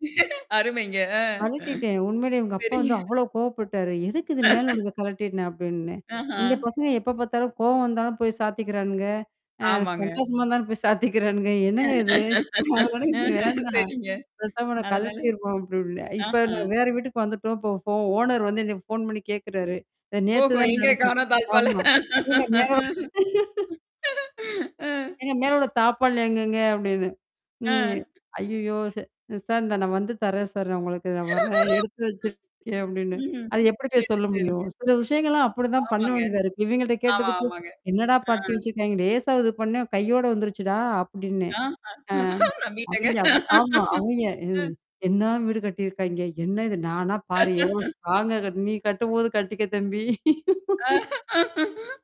அருமைங்க. ஆ. கழட்டிட்டேன். உண்மையிலேயே இவங்க அப்பா வந்து சரிங்க. அவ்வளோ கோபப்பட்டாரு. எதுக்கு இது மேல உள்ளத கழட்ன? அப்படின்னு. ஆஹா. இந்த பசங்க எப்ப பார்த்தாலும் கோவம் வந்தாலும் போய் சாத்திக்கிறானுங்க. அ ஆமாங்க. சந்தோஷமா இருந்தாலும் போய் சாத்திக்கிறானுங்க. என்னங்க இது! அதனால இது வேண்டாம். சரிங்க. பேசாம நான் அதனால கழட்டிருவோம் அப்டீன்னேன். இப்ப ஆஹா. நான் வேற வீட்டுக்கு வந்துட்டோம். போ ஃபோ ஓனர் வந்து எனக்குப் ஃபோன் பண்ணி கேக்குறாரு. நேத்து ஓஹோ, தான் எங்க நடந்தது. காணும் தாழ்ப்பால? ஆமா. நீங்க ஆ. மேல ஒரு அ. ஏங்க மேல உள்ள தாழ்ப்பாள் எங்கங்க? அப்படின்னு. ம், அ. எ. ஐயயோ! ச சார். இந்தா நான் வந்து தர்றேன் சார் நான் உங்களுக்கு. நான் வர்றேன், எடுத்து வச்சிருக்கேன் அப்படின்னு. ம், ம். அதை எப்படி போய் சரி, சொல்ல முடியும்? சரிங்க. சில விஷயங்கள்லாம் அப்படி தான் பண்ண ஆமாங்க. வேண்டியதா இருக்கு. இவங்கள்ட்ட ஆமா, கேட்டதுக்கு, ஆமாங்க. என்னடா ஆ. பாட்டி வச்சிருக்காய்ங்க. லேசா இது பண்ணேன். கையோட வந்துருச்சுடா! அப்படின்னு. ஆஹா. அ, நம்பிட்டேங்க. அவிங்க அப்டி ஆமா. அவிங்க எ ஆ. என்ன வீடு கட்டி இருக்காய்ங்க? என்ன இது நானா பாரு. எவ்ளோ ஸ்ட்ராங்கா கட் நீ கட்டும்போது கட்டிக்க தம்பி. அ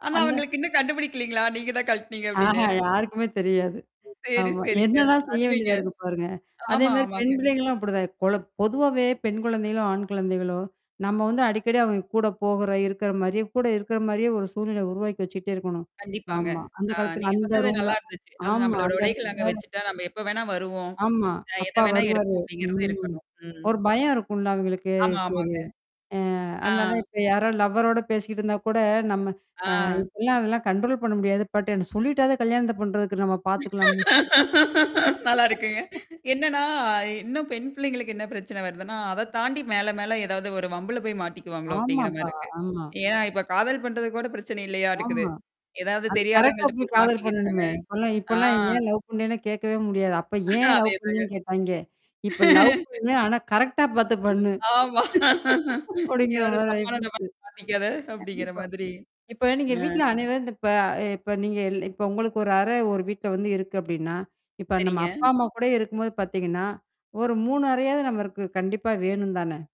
ஆனா, அந்த அவங்களுக்கு இன்னும் கண்டுபிடிக்கலைங்களா? நீங்க தான் கழட்டினீங்க அஹ. அப்படின்னு? யாருக்குமே தெரியாது. சரி, ஆமா. சரிங்க. என்னெல்லாம் செய்ய அருமைங்க. வேண்டியதா இருக்கு பாருங்க. அதே ஆமா, மாரி ஆமாங்க. பெண் பிள்ளைகள் எல்லாம் அப்படிதான். கொழ பொதுவாவே பெண் குழந்தைகளோ, ஆண் குழந்தைகளோ, நம்ம வந்து அடிக்கடி கூடப் போகுற இருக்கிற மாரி, கூட இருக்கிற மாரியே ஒரு சூழ்நிலை உருவாக்கி வச்சிட்டே இருக்கணும். கண்டிப்பாங்க. ஆமா. ஆ, அந்தக் காலத்துல நீங்க அந்த சொன்னது ரூம்ல. நல்லா இருந்துச்சு. அது ஆமா. நம்மளோட அந்த உடைகளை அங்க இடத்துல வச்சுட்டா நம்ம எப்ப வேணா வருவோம், ஆமா. அ எதை அப்பா வேணா வருவாரு. எடுப்போம், அப்படிங்கறது ம். இருக்கணும். ம். ஒரு பயம் இருக்கும்ல அவங்களுக்கு. ஆமா, சரி. ஆமாங்க. அ, ஆ. அதனால இப்ப யாராவது லவ்வரோட பேசிக்கிட்டு இருந்தா கூட, நம்ம அ ஆ. இப்பெல்லாம் அதலாம் கண்ட்ரோல் பண்ண முடியாது. பட், சொல்லிட்டாவது கல்யாணத்த பண்றதுக்கு நம்ம பாத்துக்கலாம்ன்னு. நல்லா இருக்குங்க. என்னன்னா, இன்னும் பெண் பிள்ளைங்களுக்கு என்ன பிரச்சனை வருதுன்னா, அதைத் தாண்டி மேல மேல ஏதாவது ஒரு வம்புல போய் மாட்டிக்குவாங்களோ, அப்படிங்கற மாரி ஆமாப்பா. இருக்கு. ஆமா. ஏன்னா, இப்ப காதல் பண்றது கூடப் பிரச்சனை இல்லையாட்டுருக்குது. ஆமா. ஏதாவது அது கரெக்ட்டா தெரியாதவங்கள்ட்ட போயி போய் காதல் மாட்டிக்கிட்டாங்க, பண்ணணுமே. இப்ப எல்லாம் இப்ப ஆ. எல்லாம் ஏன் லவ் பண்ணனே கேக்கவே முடியாது. அப்ப ஏன் லவ் அதே தாங்க. பண்ணனு கேட்டாங்க. இப்ப லவ் பண்ணு. ஆனா, கரெக்ட்டா பாத்து பண்ணு. ஆமா. அப்படிங்கற யாரோ மாரி ஆயி தப்பானவங்கள போச்சு. பாத்து மாட்டிக்காத, அப்டீங்கிற கண்டிப்பா. மாதிரி. இப்ப நீங்க ஆ. வீட்டுல அனைவரும் இந்த இப்ப இப்ப நீங்க இல் இப்ப உங்களுக்கு ஒரு அறை ஒரு வீட்டுல இருக்கு அப்படின்னா, இப்ப நம்ம சரிங்க. அப்பா அம்மா கூட இருக்கும்போது பாத்தீங்கன்னா, ஒரு 3 அறையாவது நமக்குக் கண்டிப்பா வேணும் தானே?